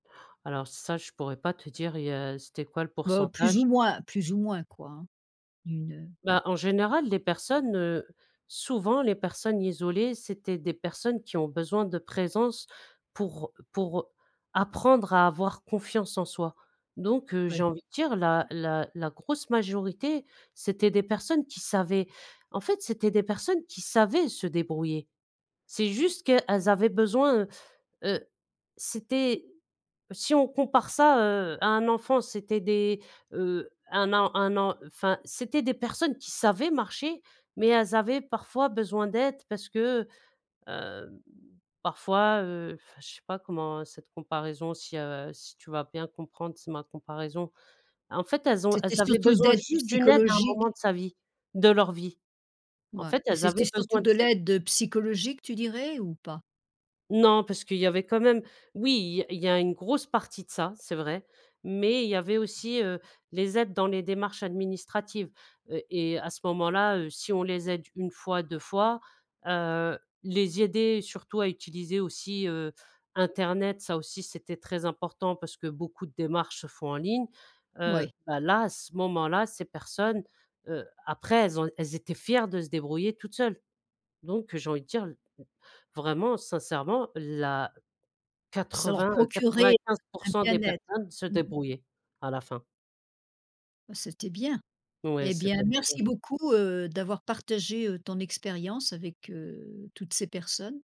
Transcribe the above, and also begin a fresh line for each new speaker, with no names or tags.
Alors ça, je pourrais pas te dire, il y a c'était quoi le
Ben, plus
pourcentage?
ou moins plus ou moins, quoi, hein, une, heu
Bah, en général, les personnes, heu, souvent les personnes isolées c'étaient des personnes qui ont besoin de présence pour pour apprendre à avoir confiance en soi, donc heu, j'ai
Ouais.
envie de dire la la la grosse majorité, c'était des personnes qui savaient, en fait, c'était des personnes qui savaient se débrouiller. C'est juste qu'elles avaient besoin, heu, c'était si on compare ça, heu, à un enfant, c'était des, heu, 1 an 1 an, enfin, c'était des personnes qui savaient marcher mais elles avaient parfois besoin d'aide parce que, hem, parfois, heu, enfin, je sais pas comment cette comparaison si, heu, si tu vas bien comprendre, tu sais, ma comparaison, en fait, elles ont elles
C'était
avaient
surtout
besoin
d'aide
juste d'une aide à un
psychologique?
moment de sa vie de leur vie, en
Ouais
fait,
et
elles
c'était
avaient besoin
surtout
de
de
cette
l'aide psychologique, tu dirais ou pas?
Non, parce qu'il y avait quand même oui, il y a il y a une grosse partie de ça, c'est vrai mais il y avait aussi, heu, les aides dans les démarches administratives, heu, et à ce moment-là, heu, si on les aide 1 fois, 2 fois, heu, les aider surtout à utiliser aussi, heu, internet. Ça aussi, c'était très important parce que beaucoup de démarches se font en ligne, heu,
Ouais.
bah, là, à ce moment-là, ces personnes, heu, après elles ont elles étaient fières de se débrouiller toutes seules donc, j'ai envie de dire, vraiment, sincèrement, la
Ça leur procurait
quatre-vingts-quatre-vingt-quinze pour
un
cent des
bien-être.
personnes se
Mmh mh.
débrouillaient à la fin.
C'était bien.
Ouais.
Et
C'est
bien,
bien pour elles.
merci beaucoup, heu, d'avoir partagé, heu, ton expérience avec, heu, toutes ces personnes.